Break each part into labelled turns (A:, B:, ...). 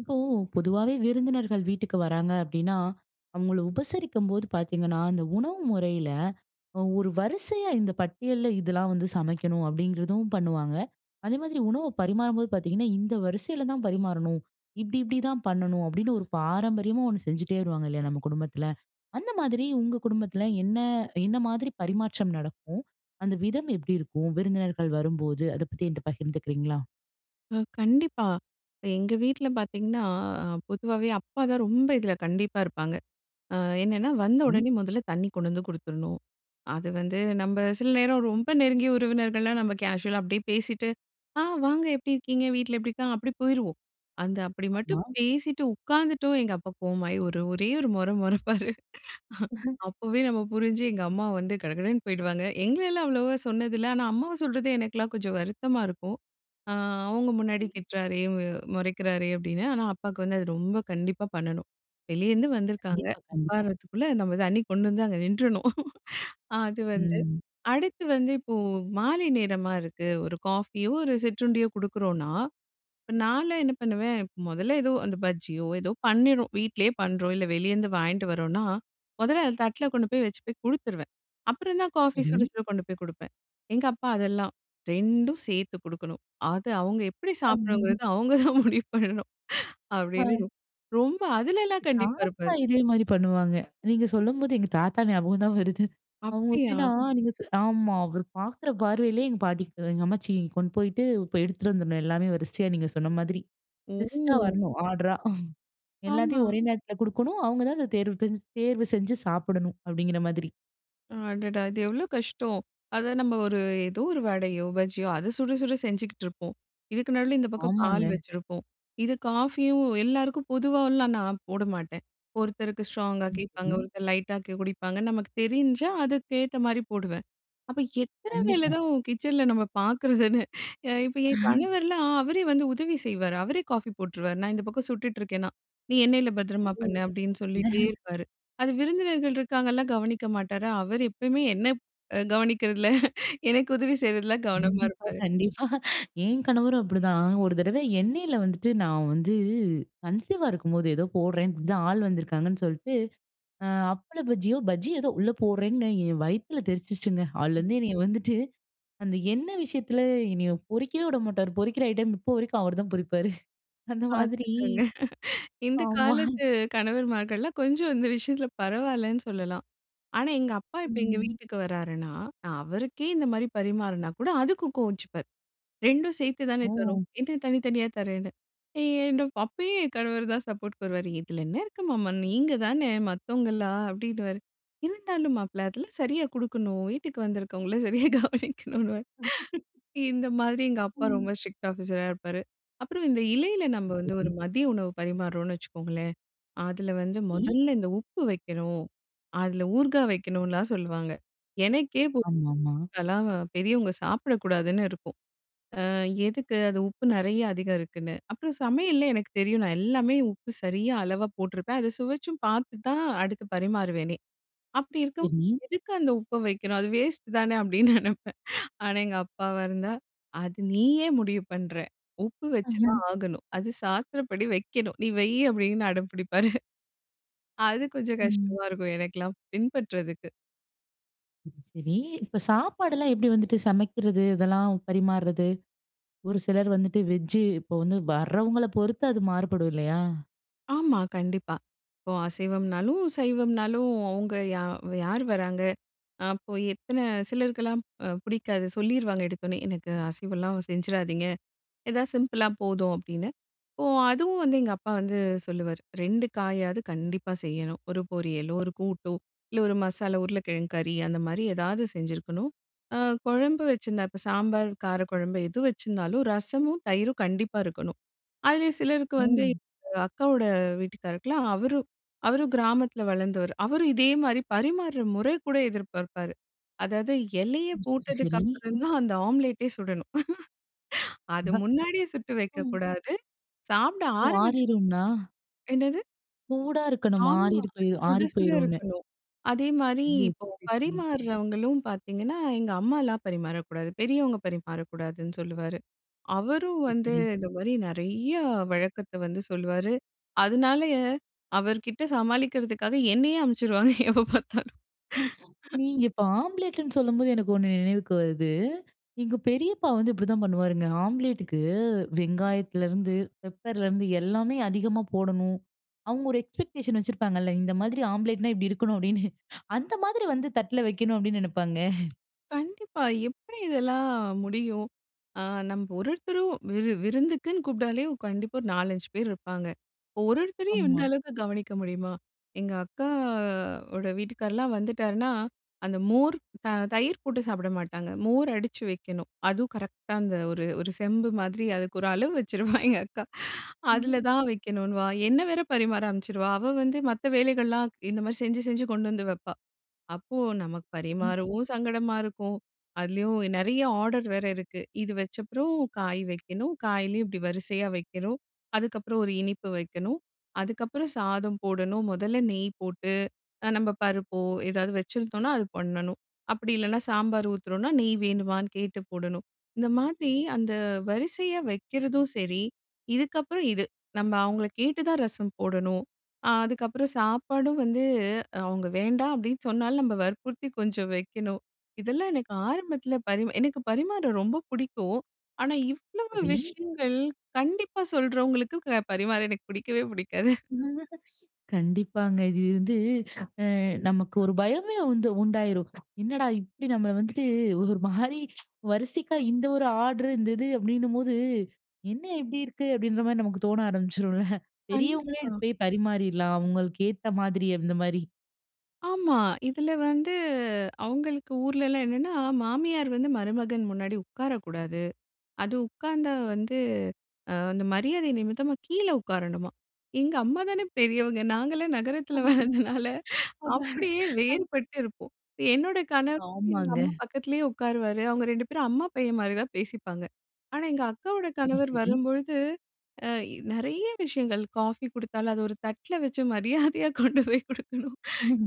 A: இப்போ, பொதுவாவே விருந்தினர்கள் வீட்டுக்கு வராங்க அப்டீன்னா, அவங்கள உபசரிக்கும்போது பார்த்தீங்கன்னா, அந்த உணவு முறைல, அ ஒரு வரிசையா இந்த பட்டியல்ல இதெல்லாம் வந்து சமைக்கணும் அப்டீங்கிறதும் பண்ணுவாங்க. அதேமாதிரி, உணவ பரிமாறும்போது பார்த்தீங்கன்னா, இந்த வரிசைல தா பரிமாறணும். இப்டி, இப்டி, தா பண்ணணும். அப்டீன்னு ஒரு பாரம்பரியமா, ஒன்னு செஞ்சுட்டே வருவாங்க இல்லையா? நம்ம குடும்பத்துல. அந்த மாதிரி உங்க குடும்பத்துல என்ன என்ன மாதிரி பரிமாற்றம் நடக்கும்? அந்த விதம் எப்படி இருக்கும்? விருந்தினர்கள் வரும்போது, அத பத்தி என்கிட்ட பகிர்ந்துக்கிறீங்களா?
B: அ கண்டிப்பா. இப்ப எங்க வீட்ல பாத்தீங்கன்னா, அ பொதுவாவே அப்பா தான் ரொம்ப இதில கண்டிப்பா இருப்பாங்க. அ, என்னன்னா, வந்த
A: ம்.
B: உடனே மொதல்ல தண்ணி கொண்டு வந்து கொடுத்துரணும். அது வந்து நம்ம சில நேரம், ரொம்ப நெருங்கிய உறவினர்கள்னா, நம்ம கேஷுவலா அப்படியே பேசிட்டு ஆ, வாங்க எப்படி இருக்கீங்க? வீட்ல எப்படி இருக்காங்க? அப்டீ போயிருவோம். அந்த, அப்டி மட்டும்
A: ஆமா.
B: பேசிட்டு உட்காந்துட்டோம், எங்க அப்பா கோவமாயி, ஒரு ஒரே ஒரு மொற மொறைப்பாரு. அப்போவே நம்ம புரிஞ்சு, எங்க அம்மா வந்து கடகடன்னு போயிடுவாங்க. எங்களலாம் அவ்வளவா சொன்னது இல்ல. ஆனா, அம்மாவ சொல்றது, எனக்கெல்லாம் கொஞ்சம் வருத்தமா இருக்கும். அ, அவங்க முன்னாடி
A: சரி.
B: திட்றாரே, அ முறைக்கிறாரே, அப்டீன்னு. ஆனா, அப்பாக்கு வந்து, அது ரொம்ப கண்டிப்பா பண்ணணும். வெளியருந்து வந்துருக்காங்க,
A: கண்டிப்பா, கண்டிப்பா.
B: உட்காருறதுக்குள்ள நம்ம தண்ணி கொண்டு வந்து அங்க நின்றணும். அது வந்து
A: ம்.
B: அடுத்து வந்து இப்போ, மாலை நேரமா இருக்கு. ஒரு காஃபியோ, ஒரு சிற்றுண்டியோ, கொடுக்குறோம்னா. இப்ப நான்லாம் என்ன பண்ணுவேன், மொதல்ல ஏதோ அந்த பஜ்ஜியோ ஏதோ பண்ணிறோம். வீட்லேயே பண்ணுறோம், இல்ல வெளியருந்து வாங்கிட்டு வரோம்னா, மொதல்ல அத தட்ல கொண்டு போய் வச்சு போய் கொடுத்துருவேன். அப்புறந்தான் காஃபி சுட
A: சரி.
B: சுட கொண்டு போய் கொடுப்பேன். எங்க, அப்பா அதெல்லாம் 2ம் சேர்த்து கொடுக்கணும். அது, அவங்க எப்படி
A: [unintelligible]
B: சாப்பிடணுங்கிறது, அவங்க தான் முடிவு பண்ணணும்.
A: ஹ.
B: அப்டீன்னு ரொம்ப அதுலலாம் கண்டிப்பா
A: தாத்தா,
B: இருப்பாரு.
A: இதே மாரி பண்ணுவாங்க. நீங்க சொல்லும்போது, எங்க தாத்தா ஞாபகம் தான் வருது. அவங்க
B: அப்டியா?
A: எப்படின்னா, நீங்க சொல். ஆமா. அவர் பார்க்குற பார்வையிலேயே எங்க பாட்டிக்கு எங்க அம்மாச்சி கொண்டு போயிட்டு, இப்ப எடுத்துட்டு வந்துடணும் எல்லாமே வரிசையா, நீங்க சொன்ன மாதிரி. பெஸ்ட்டா
B: ஓ!
A: வரணும், ஆர்டரா.
B: ஆமா.
A: எல்லாத்தையும் ஒரே நேரத்தில கொடுக்கணும், அவங்க தான் அந்த தேர்வு தெஞ் தேர்வு செஞ்சு சாப்பிடணும். அப்டீங்கிற மாதிரி.
B: அடடா! இது எவ்ளோ கஷ்டம். அத நம்ப ஒரு ஏதோ ஒரு வடையோ, பஜ்ஜியோ அத சுட சுட செஞ்சுக்கிட்டுருப்போம். இதுக்கு நடுவுல இந்த பக்கம் பால்
A: ஆமாங்க.
B: வச்சிருப்போம். இது காஃபியும் எல்லாருக்கும் பொதுவால்லாம் நான் போடமாட்டேன். ஒருத்தருக்கு ஸ்ட்ராங்கா கேட்பாங்க.
A: ம்ஹ்ம்.
B: ஒருத்தர் லைட்டா கே குடிப்பாங்க. நமக்கு தெரிஞ்சா அதுக்கேத்த மாரி போடுவேன். அப்ப எத்தன வேல
A: கண்டிப்பா.
B: தான் கிச்சன்ல நம்ம பார்க்கறதுன்னு, அ இப்ப என் கணவர்லாம் அவரே வந்து உதவி செய்வாரு. அவரே காஃபி போட்டுருவாரு. நான் இந்த பக்கம் சுட்டுட்ருக்கேன்னா. "நீ எண்ணெய்ல பத்திரமா பண்ணு"
A: [unintelligible]
B: அப்டின்னு சொல்லிட்டே இருப்பாரு. அது விருந்தினர்கள் இருக்காங்கல்லாம் கவனிக்க மாட்டாரு. அவரு எப்பயுமே என்ன ப் அ கவனிக்கிறதுல எனக்கு உதவி செய்றதில்ல கவனமா
A: கண்டிப்பா,
B: இருப்பாரு.
A: கண்டிப்பா. என் கணவரும் அப்படி தான். ஒரு தடவ எண்ணெய்ல வந்துட்டு நான் வந்து கன்சீவா இருக்கும்போது, ஏதோ போட்றேன் இப்படி தான் ஆள் வந்திருக்காங்கன்னு சொல்ட்டு, அ அப்பள பஜ்ஜியோ, பஜ்ஜி ஏதோ உள்ள போட்றேன்னு என் வயித்துல தெறிச்சுருச்சுங்க.
B: ம்.
A: அதுலேருந்து என்னைய வந்துட்டு, அந்த எண்ணெய் விஷயத்துல என்னைய பொரிக்கவே விடமாட்டாரு. பொறிக்கிற ஐட்டம் இப்போ வரைக்கும் அவர்தான் பொறிப்பாரு. அந்த மாதிரி.
B: பார்த்துக்கோங்க. இந்த
A: ஆமா.
B: காலத்து கணவர்மார்கள்லாம் கொஞ்சம் இந்த விஷயத்ல பரவாயில்லன்னு சொல்லலாம். ஆனா எங்க அப்பா இப்ப எங்க
A: ம்.
B: வீட்டுக்கு வராருன்னா, நா அவருக்கே இந்த மாரி பரிமாறினா கூட அதுக்கு கோவிச்சுப்பார். ரெண்டும் சேர்த்து தானே தர்றோம்.
A: ஓ!
B: என்ன தனித்தனியா தர்றேன்னு. என்னப்பா? அப்பயும் என் கணவர் தான் சப்போர்ட்க்கு வருவாரு. "இதுல என்ன இருக்கு மாமா. நீங்க தானே, மத்தவங்களா?" அப்படின்னுவாரு. இருந்தாலும் மாப்பிள! அதெல்லாம் சரியா குடுக்கணும், வீட்டுக்கு வந்திருக்கவங்கள சரியா கவனிக்கணுன்னுவாரு. இந்த மாதிரி எங்க அப்பா
A: ம்.
B: ரொம்ப ஸ்ட்ரிக்ட் ஆஃபீஸரா இருப்பாரு. அப்பறம் இந்த இலையில நம்ம
A: ஓ!
B: வந்து ஒரு
A: சரி.
B: மதிய உணவு பரிமாருறோம்ன்னு வச்சுக்கோங்களேன், அதுல வந்து
A: சரி.
B: மொதல்ல இந்த உப்பு வைக்கணும், அதுல ஊர்காய் வைக்கணும்லாம் சொல்லுவாங்க. எனக்கே பு
A: ஆமாமா.
B: அதெல்லாம் பெரியவங்க சாப்பிடக்கூடாதுன்னு இருக்கும். அ எதுக்கு அது? உப்பு நெறைய அதிகம் இருக்குன்னு. அப்புறம் சமையல்ல எனக்கு தெரியும் நான் எல்லாமே உப்பு சரியா அளவா போட்டிருப்பேன். அதை சுவைச்சும் பார்த்து தான் அடுத்து பரிமாறுவேனே. "அப்படி இருக்கும்போது
A: சரி.
B: எதுக்கு அந்த உப்பை வைக்கணும்? அது வேஸ்ட்டு தானே" அப்டின்னு நெனைப்பேன். ஆனா எங்க அப்பாவா இருந்தா "அது நீ ஏன் முடிவு பண்ணுற? உப்பு வச்சுதான் ஆகணும். அது சாஸ்த்திரப்படி வைக்கணும். நீ வை." அப்டின்னு அடம் புடிப்பாரு. அது கொஞ்சம்
A: ம்.
B: கஷ்டமா இருக்கும், எனக்கெல்லாம் பின்பற்றதுக்கு.
A: சரி சரி. இப்போ சாப்பாடுலா எப்படி வந்துட்டு சமைக்கிறது? இதெல்லாம் பரிமாறது? ஒரு சிலர் வந்துட்டு வெஜ்ஜு இப்ப வந்து வரவங்கள பொறுத்து அது மாறுபடும் இல்லையா?
B: ஆமா கண்டிப்பா. இப்போ அசைவம்னாலும், சைவம்னாலும் அவங்க யா யார் வராங்க? அப்போ எத்தன சிலருக்கெல்லாம் அ பிடிக்காது சொல்லிருவாங்க எடுத்தோனே. எனக்கு அசைவம்லா செஞ்சிராதீங்க, எதா சிம்பிளா போதும் அப்டீன்னு. இப்போ அதுவும் வந்து எங்க அப்பா வந்து சொல்லுவாரு 2 காயாவது கண்டிப்பா செய்யணும். ஒரு பொரியலோ, ஒரு கூட்டோ இல்ல ஒரு மசாலா உருளைக்கிழங்கு கறி அந்த மாதிரி ஏதாவது செஞ்சுருக்கணும். அ குழம்பு வச்சிருந்தா இப்ப சாம்பார், கார குழம்பு எது வச்சிருந்தாலும் ரசமும், தயிரும் கண்டிப்பா இருக்கணும். அதுலயும் சிலருக்கு வந்து
A: ம்.
B: அ அக்காவோட வீட்டுக்காரருக்கு எல்லாம், அவரு அவரு கிராமத்துல வளர்ந்தவரு. அவரு இதே மாதிரி பரிமாறுற முற கூட எதிர்ப்பார்ப்பார். அதாவது இலையப்
A: ம். சரி
B: போட்டதுக்கு
A: சரி.
B: அப்புறம் தான் அந்த ஆம்லெட்டே சுடணும். அது
A: அ.
B: முன்னாடியே சுட்டு
A: ஓ.
B: வக்கக்கூடாது. சாப்பிட
A: ஓ!
B: ஆரமிச்சா
A: ஆறிரும்ன்னா?
B: என்னது?
A: சூடா இருக்கணுமா?
B: ஆமா.
A: ஆறிறு போயி
B: அது சுட
A: ஆறி
B: சுட
A: போயிரும்னு.
B: இருக்கணும். அதேமாதிரி
A: ஓ!
B: இப்போ,
A: சரி சரி.
B: பரிமாறுறவங்களும் பார்த்தீங்கன்னா, எங்க அம்மாலா பரிமாறக்கூடாது, பெரியவங்க பரிமாறக்கூடாதுன்னு சொல்லுவாரு. அவரும்
A: சரி
B: வந்து
A: சரி.
B: இந்த மாதிரி நெறையா வழக்கத்த வந்து சொல்லுவாரு. அதனாலயே அவர்கிட்ட சமாளிக்கிறதுக்காக, என்னையே அனுப்பிச்சுருவாங்க எப்ப பார்த்தாலும்.
A: ம, நீங்க இப்ப ஆம்லேட்டுன்னு சொல்லும்போது எனக்கு ஒண்ணு நினைவுக்கு வருது. எங்க பெரியப்பா வந்து இப்படிதான் பண்ணுவாருங்க. ஆம்லேட்டுக்கு வெங்காயத்திலேருந்து, பெப்பர்லேருந்து எல்லாமே அதிகமா போடணும். அவங்க ஒரு எக்ஸ்பெக்டேஷன் வச்சிருப்பாங்கல்ல. இந்த மாதிரி ஆம்லேட்னா இப்டி இருக்கணும் அப்டீன்னு. அந்த மாதிரி வந்து தட்டுல வக்கணும் அப்டீன்னு நினைப்பாங்க.
B: கண்டிப்பா! எப்படி இதெல்லாம் முடியும்? ஆ நம்ப ஒருவொருத்தரும் விரு விருந்துக்குன்னு கூப்பிட்டாலே கண்டிப்பா ஒரு நாலஞ்சு பேர் இருப்பாங்க. இப்போ ஒரு ஒருத்தரையும் இந்த
A: ஆமா.
B: அளவுக்கு கவனிக்க முடியுமா? எங்க அக்கா ஓட வீட்டுக்கார்லாம் வந்துட்டாருன்னா, அந்த மோர் அ தயிர் போட்டு சாப்பிட மாட்டாங்க. மோர் அடுச்சி வைக்கணும். அதுவும் கரெக்டா அந்த ஒரு ஒரு செம்பு மாதிரி. அதுக்கு ஒரு அளவு வச்சுருவா எங்க அக்கா. அதில
A: ம்.
B: தான் வைக்கணுன்னுவா. என்னை வேற பரிமாற அனுமிச்சிருவா. அவ வந்து மத்த வேலைகள்லாம் இந்த மாரி செஞ்சு செஞ்சு கொண்டு வந்து வைப்பா. அப்போ நமக்கு
A: சரி.
B: பரிமாறவும் சங்கடமா இருக்கும். அதுலேயும் நெறைய ஆர்டர் வேற இருக்கு. இது வச்சப்பறம் காய் வைக்கணும். காய்லயும் இப்படி வரிசையா வைக்கணும். அதுக்கப்புறம் ஒரு இனிப்பு வைக்கணும். அதுக்கப்புறம் சாதம் போடணும். முதல்ல நெய் போட்டு, அ நம்ம பருப்போ ஏதாவது வச்சுருந்தோம்னா அது பண்ணணும். அப்படி இல்லைனா? சாம்பார் ஊத்துறோம்னா நெய் வேணுமான்னு கேட்டு போடணும். இந்த மாதிரி அந்த வரிசையா வைக்கிறதும் சரி, இதுக்கப்புறம் இது. நம்ம அவங்களை கேட்டுதான் ரசம் போடணும். அ அதுக்கப்பறம் சாப்பாடும் வந்து அவங்க வேண்டாம், அப்படின்னு சொன்னாலும் நம்ப வற்புறுத்தி கொஞ்சம் வைக்கணும். இதெல்லாம் எனக்கு ஆரம்பத்தில பரிமா எனக்கு பரிமாற ரொம்ப புடிக்கும். ஆனா, இவ்வளவு
A: சரி.
B: விஷயங்கள் கண்டிப்பா சொல்றவங்களுக்கு க பரிமாற எனக்கு புடிக்கவே புடிக்காது.
A: கண்டிப்பாங்க! இது வந்து அ நமக்கு ஒரு பயமே வந்து உண்டாயிரும். என்னடா இப்படி நம்மள வந்துட்டு ஒரு மாரி வரிசைக்கா இந்த ஒரு ஆர்ட்ரு இந்த இது அப்படின்னும்போது, என்ன இப்படி இருக்கு? அப்படின்ற மாரி நமக்கு தோண ஆரம்பிச்சுரும்ல. பெரியவங்களே
B: கண்டிப்பா.
A: இதுக்கு போய் பரிமாறிறலாம். அவங்களுக்கு ஏத்த மாதிரி, அந்த மாரி.
B: ஆமா. இதுல வந்து அவங்களுக்கு ஊருலலாம் என்னென்னா, மாமியார் வந்து மருமகன் முன்னாடி உட்காரக்கூடாது. அது உட்காந்தா வந்து அ அந்த மரியாத நிமித்தமா கீழ உட்காரணுமாம். எங்க அம்மா தானே பெரியவங்க, நாங்கலாம் நகரத்துல வளந்ததுனால
A: அது
B: அப்டீயே
A: அது.
B: வேறுபட்டு இருப்போம். என்னோட கணவர் எங்க
A: ஆமாங்க.
B: அம்மா பக்கத்துலேயே உட்காருவாரு. அவங்க ரெண்டு பேரும், அம்மா, பையன் மாரி தான் பேசிப்பாங்க. ஆனா, எங்க அக்காவோட
A: சரி,
B: கணவர்
A: சரி.
B: வரும்பொழுது அ எ நெறைய விஷயங்கள் காஃபி குடுத்தாலும் அத ஒரு தட்டில வச்சு, மரியாதையா கொண்டு போய் குடுக்கணும்.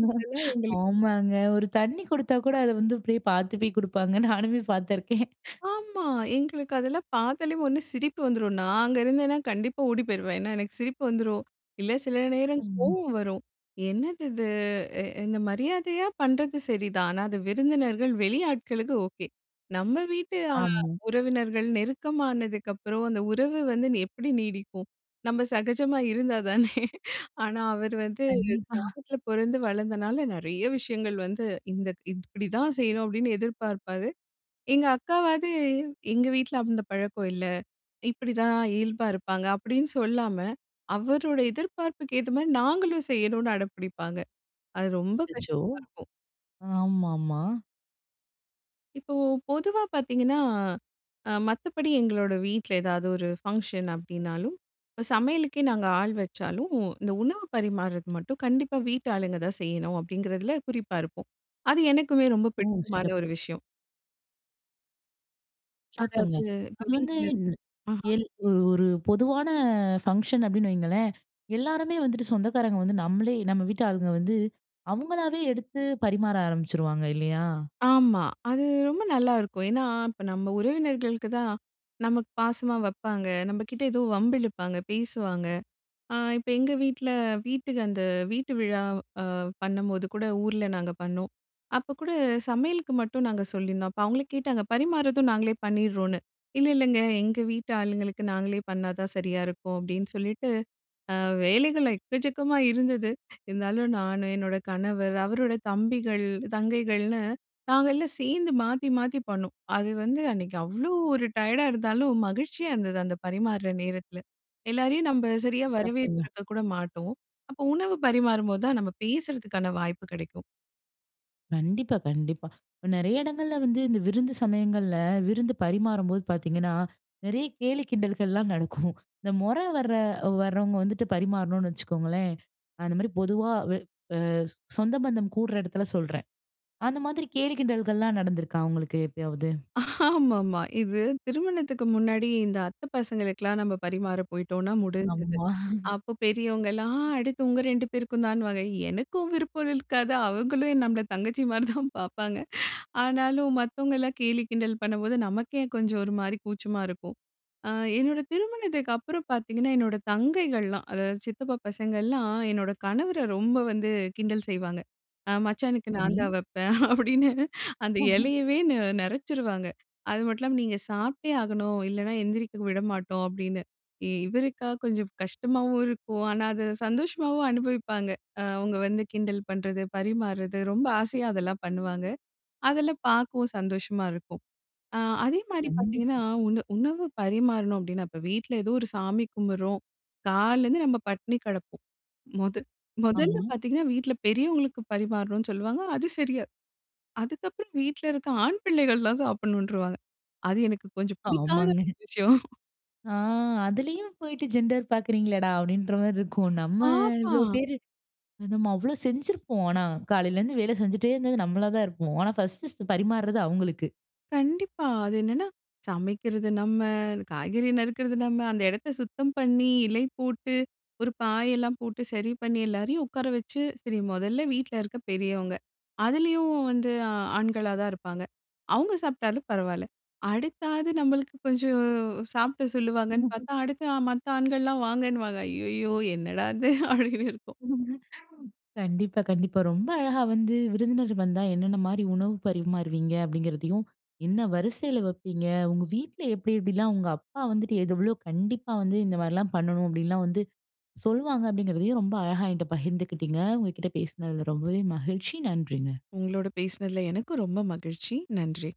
B: இதெல்லாம் எங்களுக்கு
A: ஆமாங்க, ஒரு தண்ணீ குடுத்தா கூட, அத வந்து அப்படியே பாத்து போய் குடுப்பாங்க, நானுமே பாத்துருக்கேன்.
B: ஆமா. எங்களுக்கு அதெல்லாம் பாத்தாலே ஒண்ணு சிரிப்பு வந்துரும். நான் அங்கே இருந்தேன்னா, கண்டிப்பா ஓடி போயிருவேன். ஏன்னா, எனக்கு சிரிப்பு வந்துரும். இல்ல சில நேரம்,
A: ம்.
B: கோவம் வரும். என்னது இது? இ இந்த மரியாதையா பண்ணுறது சரிதான். ஆனா, அது விருந்தினர்கள், வெளி ஆட்களுக்கு ஓகே. நம்ப வீட்டு அ
A: ஆமா.
B: உறவினர்கள், நெருக்கமானதுக்கப்புறம் அந்த உறவு வந்து எப்படி நீடிக்கும்? நம்ப சகஜமா இருந்தா தானே. ஆனா, அவர் வந்து
A: கண்டிப்பா.
B: கிராமத்துல பிறந்து வளர்ந்தனால, நெறைய விஷயங்கள் வந்து இந்த இப்படி தான் செய்யணும் அப்படின்னு எதிர்பார்ப்பாரு. எங்க அக்காவாது "எங்க வீட்டுல அந்த பழக்கம் இல்ல, இப்படித்தான் இயல்பா இருப்பாங்க, அப்டின்னு சொல்லாம, அவருடைய எதிர்பார்ப்புக்கு ஏத்த மாதிரி நாங்களும் செய்யணும்னு அடம்பிடிப்பாங்க." அது ரொம்ப
A: அச்சோ!
B: கஷ்டமா இருக்கும்.
A: ஆமாமா.
B: இப்போ பொதுவா பார்த்தீங்கன்னா, அ மத்தபடி எங்களோட வீட்டில ஏதாவது ஒரு ஃபங்ஷன் அப்படினாலும். இப்ப சமையலுக்கே நாங்க ஆள் வச்சாலும், இந்த உணவு பரிமாறுது மட்டும் கண்டிப்பா வீட்டாளுங்க தான் செய்யணும், அப்படிங்கிறதில குறிப்பா இருப்போம். அது எனக்குமே ரொம்ப
A: ஓ!
B: பிடித்தமான ஒரு
A: சிறப்பு.
B: விஷயம்.
A: சிறப்புங்க.
B: அதாவது இப்போ
A: அது வந்து
B: வீட்டில
A: ம்
B: ம்ஹ்ம்.
A: எல் ஒரு ஒரு பொதுவான ஃபங்ஷன் அப்படின்னு வையுங்களேன். எல்லாருமே வந்துட்டு சொந்தக்காரங்க வந்து நம்மளே நம்ம வீட்டு ஆளுங்க வந்து, அவங்களாவே எடுத்து பரிமாற ஆரம்பிச்சுருவாங்க இல்லையா?
B: ஆமா. அது ரொம்ப நல்லாயிருக்கும். ஏன்னா இப்ப நம்ம உறவினர்களுக்கு தான் நமக்கு பாசமா வப்பாங்க. நம்மகிட்ட ஏதோ வம்பு இழுப்பாங்க. பேசுவாங்க. அ இப்ப எங்க வீட்ல வீட்டுக்கு அந்த வீட்டு விழா அ பண்ணும்போது கூட ஊர்ல நாங்க பண்ணோம். அப்ப கூட சமையலுக்கு மட்டும் நாங்க சொல்லிர்ந்தோம். அப்போ அவங்களே கேட்டாங்க பரிமாறுதும் நாங்களே பண்ணிடுறோன்னு. "இல்ல இல்லைங்க எங்க வீட்டு ஆளுங்களுக்கு நாங்களே பண்ணாதான் சரியா இருக்கும்" அப்படின்னு சொல்லிட்டு அ வேலைகள் எக்கச்சக்கமா இருந்தது. இருந்தாலும் நானு, என்னோட கணவர், அவரோட தம்பிகள், தங்கைகள்னு நாங்க எல்லாம் சேர்ந்து மாத்தி மாத்தி பண்ணோம். அது வந்து அன்னைக்கு அவ்வளோ ஒரு டயடா இருந்தாலும், மகிழ்ச்சியா இருந்தது. அந்த பரிமாறுற நேரத்தில எல்லாரையும் நம்ப சரியா
A: சிறப்புங்க.
B: வரவேற்றுக்க கூட மாட்டோம். அப்போ உணவு பரிமாறும்போது தான் நம்ம பேசறதுக்கான வாய்ப்பு கிடைக்கும்.
A: கண்டிப்பா, கண்டிப்பா. இப்ப நெறைய இடங்கள்ல வந்து இந்த விருந்து சமயங்கள்ல, விருந்து பரிமாறும்போது பார்த்தீங்கன்னா, நெறைய கேலி கிண்டல்கள்லாம் நடக்கும். இந்த மொற வர்ற வர்றவங்க வந்துட்டு பரிமாறணோன்னு வச்சுக்கோங்களேன். அந்த மாரி பொதுவா வ அ சொந்தபந்தம் கூடுற எடத்துல சொல்றேன். அந்த மாதிரி கேலி, கிண்டல்கள்லாம் நடந்துருக்கா உங்களுக்கு எப்பயாவது?
B: ஆமாமா. இது திருமணத்துக்கு முன்னாடி இந்த அத்த பசங்களுக்கெல்லாம் நம்ம பரிமாற போயிட்டோம்னா முடிஞ்சிது.
A: ஆமா.
B: அப்ப பெரியவங்கலாம் அடுத்து உங்க 2 பேருக்கும்தான்னுவாங்க. எனக்கும் விருப்பம் இருக்காது, அவங்களும் நம்மள தங்கச்சி மாரி தான் பாப்பாங்க. ஆனாலும் மத்தவங்க எல்லாம் கேலி கிண்டல் பண்ணும்போது, நமக்கே கொஞ்சம் ஒரு மாரி கூச்சமா இருக்கும். அ என்னோட திருமணத்துக்கப்புறம் பாத்தீங்கன்னா, என்னோட தங்கைகள்லாம், அதாவது சித்தப்பா பசங்க எல்லாம் என்னோட கணவர ரொம்ப வந்து கிண்டல் செய்வாங்க. அ "மச்சானுக்கு
A: சரி.
B: நான் தான் வப்பேன்" அப்டின்னு, அந்த எலையவே நெ நெறச்சிருவாங்க. அது மட்டும் இல்லாம "நீங்க சாப்ட்டே ஆகணும் இல்லனா, எந்திருக்க விடமாட்டோம்" அப்டின்னு. இவருக்கா கொஞ்சம் கஷ்டமாவும் இருக்கும், ஆனா அத சந்தோஷமாவும் அனுபவிப்பாங்க. அ அவங்க வந்து கிண்டல் பண்றது, பரிமாறது, ரொம்ப ஆசையா அதெல்லாம் பண்ணுவாங்க. அதெல்லாம் பார்க்கவும் சந்தோஷமா இருக்கும். அ அதே மாரி பார்த்தீங்கன்னா,
A: கண்டிப்பா.
B: உணவு உணவு பரிமாறனும் அப்டின்னா, இப்ப வீட்ல ஏதோ ஒரு சாமி கும்பிடுறோம், காலைல இருந்து நம்ம பட்டினி கெடப்போம். முதல் முதல்ல
A: ஆமா.
B: பார்த்தீங்கன்னா வீட்ல பெரியவங்களுக்கு பரிமாறணும்னு சொல்லுவாங்க, அது சரியா. அதுக்கப்புறம் வீட்ல இருக்க ஆண் பிள்ளைகள்லாம் சாப்பிடணுன்னுருவாங்க. அது எனக்கு கொஞ்சம் பிடிக்காத
A: ஆமாங்க.
B: விஷயம்.
A: அ. அதுலயும் போயிட்டு ஜெண்டர் பாக்குறீங்களேடா, அப்டிங்கற மாரிருக்கும். நம்ம இவ்ளோ
B: ஆமா.
A: பேரு நம்ம அவ்ளோ செஞ்சிருப்போம். ஆனா காலையில இருந்து வேல செஞ்சுட்டே இருந்தது, நம்மளா தான் இருப்போம். ஆனா 1 பரிமாறுறது அவங்களுக்கு.
B: கண்டிப்பா. அது என்னன்னா சமைக்கிறது நம்ம, காய்கறி நறுக்குறது நம்ம, அந்த எடத்த சுத்தம் பண்ணி, இலை போட்டு, ஒரு பாயெல்லாம் போட்டு, சரி பண்ணி, எல்லாரையும் உட்கார வச்சு, சரி மொதல்ல வீட்ல இருக்க பெரியவங்க. அதுலயும் வந்து ஆண்களா தான் இருப்பாங்க. அவங்க சாப்ட்டாலும் பரவாயில்ல. அடுத்தாவது நம்மளுக்கு கொஞ்சம் சாப்ட சொல்லுவாங்கன்னு பார்த்தா, அடுத்து மத்த ஆண்கள்லாம் வாங்கனுவாங்க. ஐயையோ! என்னடா இது? அப்டின்னு இருக்கும்.
A: கண்டிப்பா, கண்டிப்பா. ரொம்ப அழகா வந்து விருந்தினர் வந்தா என்னென்ன மாரி உணவு பரிமாறுவீங்க? அப்டிங்கறதையும், என்ன வரிசைல வப்பீங்க? உங்க வீட்ல எப்டி எப்படிலாம் உங்க அப்பா வந்துட்டு எது எவ்ளோ கண்டிப்பா வந்து இந்த மாரிலாம் பண்ணனும், அப்டின்னுலாம் வந்து சொல்வாங்க? அப்டிங்கறதையும் ரொம்ப அழகா என்கிட்ட பகிர்ந்துகிட்டீங்க. உங்ககிட்ட பேசுனதுல ரொம்பவே மகிழ்ச்சி. நன்றிங்க.
B: உங்களோடு பேசுனதுல எனக்கும் ரொம்ப மகிழ்ச்சி. நன்றி.